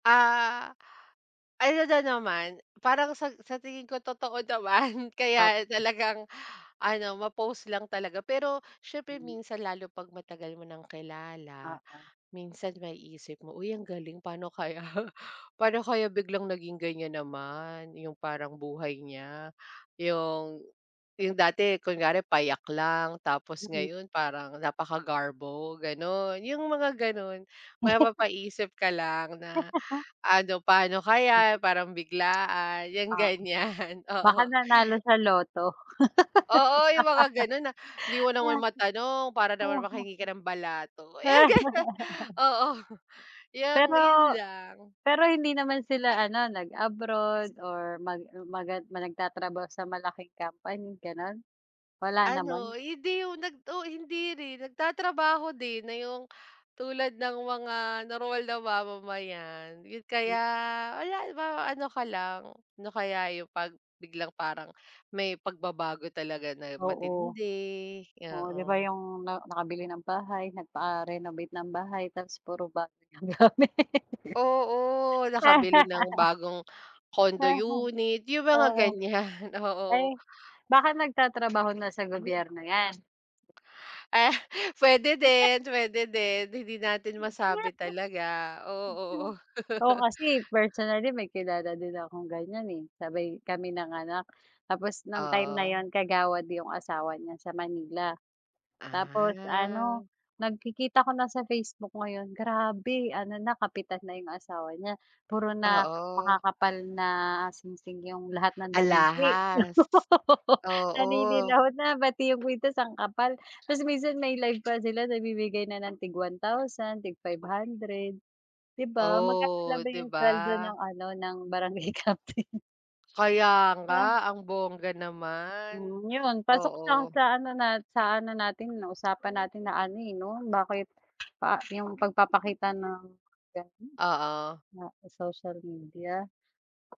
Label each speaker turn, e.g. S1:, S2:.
S1: Ah, ano na naman parang sa sa tingin ko totoo naman kaya
S2: Tot
S1: talagang ano, ma-post lang talaga. Pero siyempre
S2: Hmm.
S1: minsan lalo 'pag matagal mo ng kilala
S2: Oo.
S1: minsan maiisip mo, "Uy, ang galing pa'no kaya paano kaya biglang naging ganyan naman yung parang buhay niya. Yung, yung dati kunwari payak lang tapos
S2: Mm.
S1: ngayon parang napakagarbo," gano'n. Yung mga gano'n. Mapapaisip ka lang na ano, paano
S2: Mm.
S1: kaya? Parang biglaan, 'yang
S2: Oo.
S1: ganyan,
S2: Baka
S1: oo.
S2: nanalo sa Lotto.
S1: Oo, yung mga ganun na 'di mo naman matanong para naman makahingi ka ng balato, eh, ganun. Oo, yung
S2: Pero,
S1: yun lang.
S2: pero hindi naman sila ano, nag-abroad or mag magan ma nagtatrabaho sa malaking company, ganun? Wala naman?
S1: Ano, hindi yung nag oo, hindi rin. Nagtatrabaho din na yung tulad ng mga normal na mamamayan
S2: M
S1: kaya wala ma ano ka lang, ano kaya yung 'pag biglang parang may pagbabago talaga na
S2: Oo.
S1: matindi,
S2: Oo, 'di ba
S1: oo.
S2: yung na nakabili ng bahay, nagpa-renovate ng bahay tapos puro bago yung gamit.
S1: Oo, nakabili ng bagong condo unit, yung mga
S2: Oo.
S1: ganyan, oo.
S2: Eh, baka nagtatrabaho na sa gobyerno 'yan.
S1: Ah, pwede, din pwede din. Hindi natin masabi talaga,
S2: [unintelligible]
S1: oo.
S2: Ako kasi personally may kilala din akong ganyan, eh. Sabay kami nanganak tapos nang time na
S1: Oo.
S2: yun kagawad yung asawa niya sa Manila. Tapos
S1: Ah.
S2: ano, nagkikita ko na sa Facebook ngayon grabe ano na, kapitan na yung asawa niya. Puro na
S1: Oo.
S2: makakapal na singsing yung lahat ng daliri.
S1: Alahas, oo.
S2: Naninilaw na, pati yung kwintas ang kapal. Tapos minsan may live pa sila nagbibigay na ng tig 1,000, tig 500. Di ba? Magkano lang
S1: Oh,
S2: ba
S1: 'di
S2: yung sweldo
S1: ba?
S2: ng ano, ng Barangay Captain?
S1: Kaya nga,
S2: [unintelligible]
S1: ang bongga naman.
S2: Hmm, yun pasok siya
S1: Oo.
S2: sa ano na sa ano natin 'no, usapan natin na ano, eh, 'no, bakit pa yung pagpapakita ng ganun
S1: Oo.
S2: sa social media.